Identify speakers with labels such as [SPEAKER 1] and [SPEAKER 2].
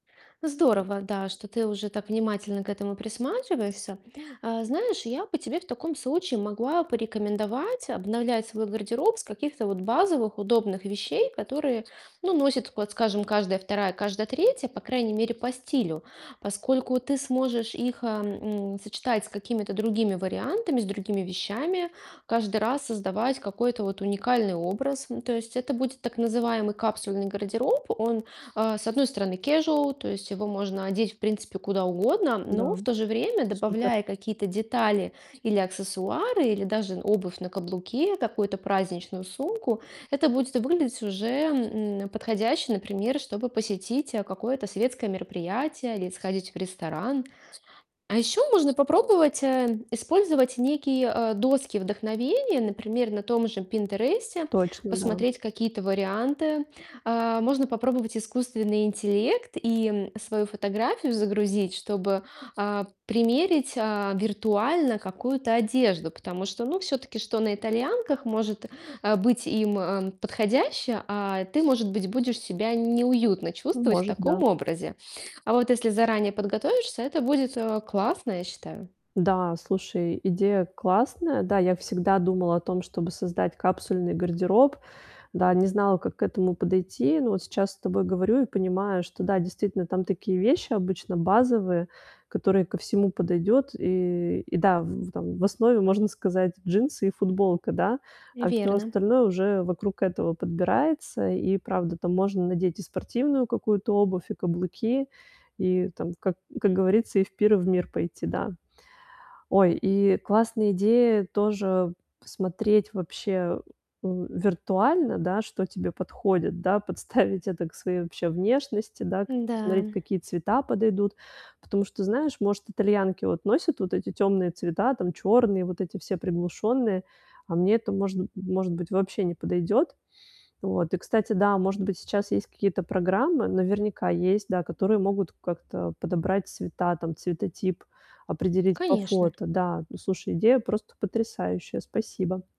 [SPEAKER 1] Здорово, да, что ты уже так внимательно к этому присматриваешься. Э, знаешь, я бы тебе в таком случае могла порекомендовать обновлять свой гардероб с каких-то вот базовых удобных вещей, которые, ну, носит, вот скажем, каждая вторая, каждая третья, по крайней мере, по стилю. Поскольку ты сможешь их, эм, м, сочетать с какими-то другими вариантами, с другими вещами, каждый раз создавать какой-то вот уникальный образ. Ну, то есть это будет так называемый Капсульный гардероб. Он, э, с одной стороны, casual, то есть его можно одеть в принципе куда угодно, но
[SPEAKER 2] Да.
[SPEAKER 1] в то же время,
[SPEAKER 2] Супер!
[SPEAKER 1] добавляя какие-то детали или аксессуары, или даже обувь на каблуке, какую-то праздничную сумку, это будет выглядеть уже, м, подходяще, например, чтобы посетить, э, какое-то светское мероприятие или сходить в ресторан. А еще можно попробовать, э, использовать некие, э, доски вдохновения, например, на том же "Пинтересте"
[SPEAKER 2] Точно, да.
[SPEAKER 1] посмотреть какие-то варианты. Э, можно попробовать искусственный интеллект- и свою фотографию загрузить, чтобы, а, примерить, а, виртуально какую-то одежду. Потому что, ну, все-таки что на итальянках может, э, быть им, э, подходящее, а ты, может быть, будешь себя неуютно
[SPEAKER 2] Ну,
[SPEAKER 1] чувствовать в
[SPEAKER 2] может, да.
[SPEAKER 1] таком образе. А вот если заранее подготовишься, это будет, э, классно, я считаю.
[SPEAKER 2] Да. Слушай, идея классная. Да, я всегда думала о том, чтобы создать капсульный гардероб. Да. Не знала, как к этому подойти. Но вот сейчас с тобой говорю и понимаю, что, да, действительно, там такие вещи обычно базовые, которые ко всему подойдёт. И и да, в в там в основе, можно сказать, джинсы и футболка, да? А всё
[SPEAKER 1] Верно.
[SPEAKER 2] остальное уже вокруг этого подбирается. И правда, там можно надеть и спортивную какую-то обувь, и каблуки, и там, как как говорится, и в пир, и в мир пойти, да. Ой, и классная идея тоже посмотреть вообще у виртуально, да, что тебе подходит, да? Подставить это к своей, вообще, внешности, да? Как посмотреть,
[SPEAKER 1] Да.
[SPEAKER 2] какие цвета подойдут. Потому что, знаешь, может, итальянки вот носят вот эти темные цвета там, черные, вот эти все приглушенные, а мне это можн может быть, вообще не подойдет. Вот. И кстати, да, может быть, сейчас есть какие-то программы, наверняка есть, да, которые могут как-то подобрать цвета там, цветотип определить по
[SPEAKER 1] Конечно.
[SPEAKER 2] фото. Да. Слушай, идея просто потрясающая. Спасибо.